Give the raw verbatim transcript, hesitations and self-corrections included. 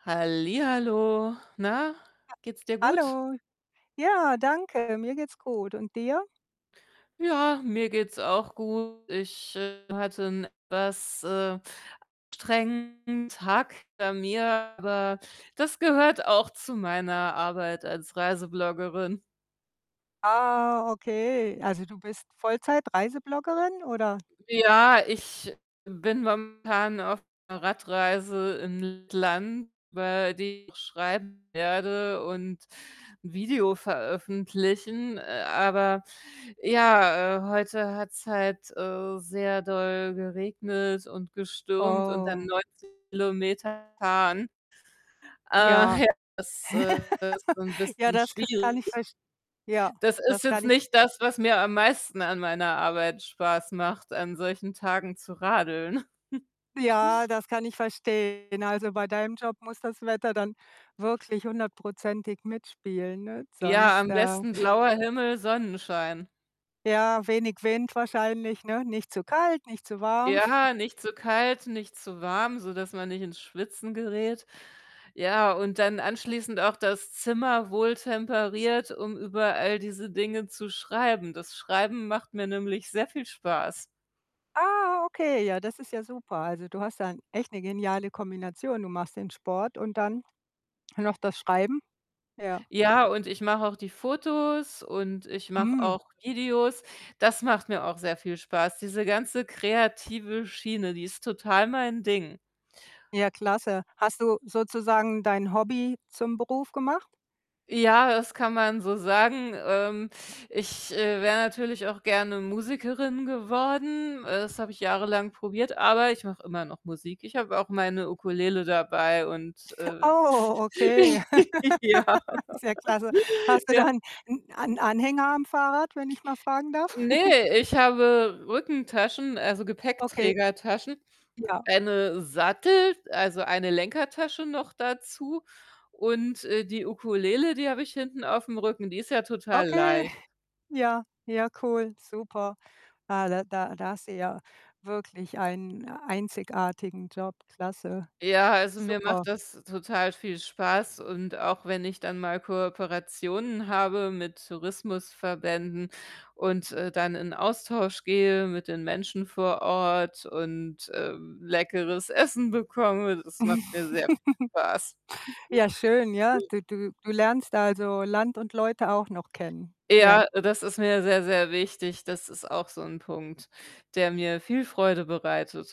Hallihallo. Na, [unintelligible] geht's dir gut? Hallo. Ja, danke, mir geht's gut, und dir? Ja, mir geht's auch gut. Ich, äh, hatte 'n etwas, äh, anstrengenden Tag hinter mir, aber das gehört auch zu meiner Arbeit als Reisebloggerin. Ah, okay. Also, du bist Vollzeit-Reisebloggerin oder? Ja, ich bin momentan auf 'ner Radreise in Lettland über die ich schreiben werde und 'n Video veröffentlichen. Äh, aber ja, äh, heute hat's halt, äh, sehr doll geregnet und gestürmt und dann Oh. neunzig Kilometer fahren. Äh, Ja. ja, das, äh, ist 'n Ja, bisschen das k kann ich schwierig. verst ja, Das ist das kann jetzt ich nicht das, was mir am meisten an meiner Arbeit Spaß macht, an solchen Tagen zu radeln. Ja, das kann ich verstehen. Also, bei deinem Job muss das Wetter dann wirklich hundertprozentig mitspielen, ne? Ja, Sonst, am äh besten blauer Himmel, Sonnenschein. Ja, wenig Wind wahrscheinlich, ne? Nicht zu kalt, nicht zu warm. Ja, nicht zu kalt, nicht zu warm, sodass man nicht ins Schwitzen gerät. Ja, und dann anschließend auch das Zimmer wohltemperiert, um über all diese Dinge zu schreiben. Das Schreiben macht mir nämlich sehr viel Spaß. Ah, okay, ja, das ist ja super. Also, du hast da 'n echt 'ne geniale Kombination. Du machst den Sport und dann noch das Schreiben. Ja. Ja, und ich mache auch die Fotos und ich mache Mhm. auch Videos. Das macht mir auch sehr viel Spaß. Diese ganze kreative Schiene, die ist total mein Ding. Ja, klasse. Hast du sozusagen dein Hobby zum Beruf gemacht? Ja, das kann man so sagen. Ähm, ich, äh, wäre natürlich auch gerne Musikerin geworden. Äh, das habe ich jahrelang probiert, aber ich mache immer noch Musik. Ich habe auch meine Ukulele dabei und, äh, Oh, okay. ja. Ist ja klasse. Hast du Ja. dann 'n ein Anhänger am Fahrrad, wenn ich mal fragen darf? Ne, ich habe Rückentaschen, also, Okay. Gepäckträgertaschen, Ja. eine Sattel also, eine Lenkertasche noch dazu und, äh, die Ukulele, die habe ich hinten auf'm Rücken, die ist ja total Okay. leicht. Ja. Ja, cool, super. Ah, da da da hast du ja wirklich einen einzigartigen Job. Klasse. Ja, also, mir Super. macht das total viel Spaß, und auch wenn ich dann mal Kooperationen habe mit Tourismusverbänden und, äh, dann in 'n Austausch gehe mit den Menschen vor Ort und, ähm, leckeres Essen bekomme, das macht mir sehr viel Spaß. Ja, schön, ja. Du du du lernst da also Land und Leute auch noch kennen. Ja. Ja, das ist mir sehr, sehr wichtig. Das ist auch so 'n Punkt, der mir viel Freude bereitet.